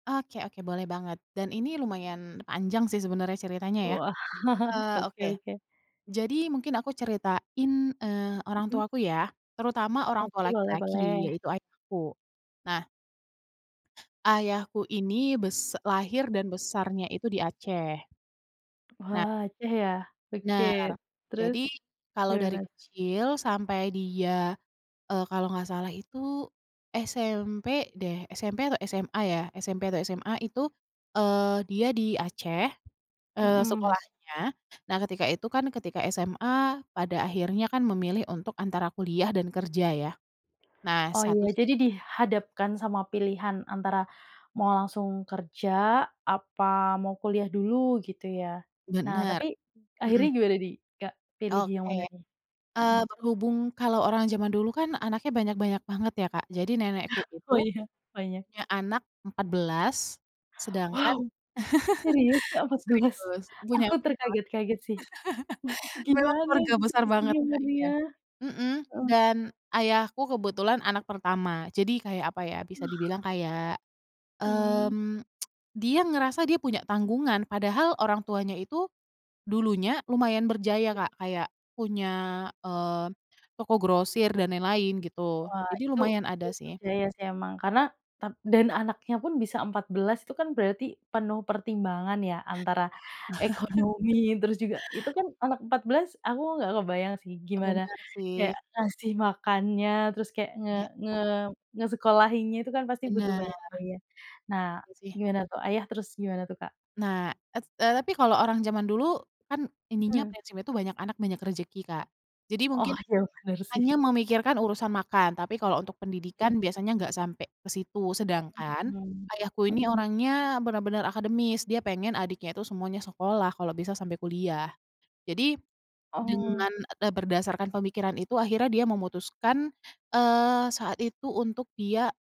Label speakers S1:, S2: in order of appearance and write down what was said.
S1: Oke oke boleh banget dan ini lumayan panjang sih sebenarnya ceritanya ya.
S2: Wah,
S1: Eee,
S2: oke
S1: oke
S2: oke.
S1: jadi mungkin aku ceritain, eee, orang
S2: Mmm.
S1: tuaku ya terutama orang tua
S2: Oke, boleh
S1: laki-laki
S2: boleh.
S1: yaitu ayahku. Nah ayahku ini bes lahir dan besarnya itu di Aceh. Nah
S2: Wah, Aceh ya? Oke,
S1: Benar,
S2: terus
S1: jadi kalau dari
S2: gimana?
S1: kecil sampai dia, eee, kalau nggak salah itu SMP deh, SMP atau SMA ya? SMP atau SMA itu, eee, dia di Aceh, eee,
S2: Mhm.
S1: sekolahnya. Nah ketika itu kan ketika SMA pada akhirnya kan memilih untuk antara kuliah dan kerja ya, nah
S2: Oh
S1: satu
S2: iya,
S1: s
S2: jadi dihadapkan sama pilihan antara mau langsung kerja apa mau kuliah dulu gitu ya. Nah
S1: Bener.
S2: tapi akhirnya
S1: Mhm.
S2: gimana nih, Kak? Pilih yang mana
S1: Oke,
S2: nih?
S1: eee,
S2: Mhm.
S1: berhubung kalau orang zaman dulu kan anaknya banyak-banyak banget ya, Kak. Jadi nenekku
S2: Oh,
S1: itu
S2: iya banyak.
S1: punya anak 14 sedangkan
S2: Wow, serius, Kak, 14?
S1: serius, punya
S2: Aku
S1: 14.
S2: terkaget-kaget sih. Wah itu
S1: Memang
S2: gimana
S1: keluarga
S2: itu
S1: besar banget,
S2: selisihnya?
S1: Kak,
S2: Ngeri
S1: iya,
S2: ya.
S1: mhm,
S2: Mmm.
S1: dan ayahku kebetulan anak pertama. Jadi kayak apa ya bisa dibilang
S2: Wah.
S1: kayak,
S2: Mmm.
S1: mmm, dia ngerasa dia punya tanggungan padahal orang tuanya itu dulunya lumayan berjaya,
S2: Iya.
S1: Kak, kayak punya, eee, toko grosir dan lain-lain gitu,
S2: Wah,
S1: jadi
S2: itu
S1: lumayan
S2: itu
S1: ada sih.
S2: percaya sih emang, karena tap dan anaknya pun bisa 14 itu kan berarti penuh pertimbangan ya antara ekonomi terus juga itu kan anak 14 aku nggak kebayang sih, gimana
S1: Bener sih.
S2: kayak ngasih makannya terus kayak nge
S1: Iya, ya
S2: nge
S1: kan?
S2: ngesekolahinnya, itu kan pasti butuh
S1: Bener.
S2: banyak biaya. Nah
S1: Iya sih.
S2: gimana tuh Ayah, terus gimana tuh Kak?
S1: Nah et eee, tapi kalau orang zaman dulu kan ininya
S2: Mhm.
S1: prinsipnya itu banyak anak banyak rezeki, Kak. Jadi
S2: Oh,
S1: mungkin
S2: iya bener sih.
S1: hanya memikirkan urusan makan tapi kalau untuk
S2: Mmm.
S1: pendidikan biasanya gak sampai ke situ. Sedangkan
S2: Mmm,
S1: ayahku
S2: mmm.
S1: ini orangnya bener-bener akademis dia pengen adiknya itu semuanya sekolah kalau bisa sampai kuliah. Jadi,
S2: Oh.
S1: dengan e d berdasarkan pemikiran itu akhirnya dia memutuskan, eee, saat itu untuk dia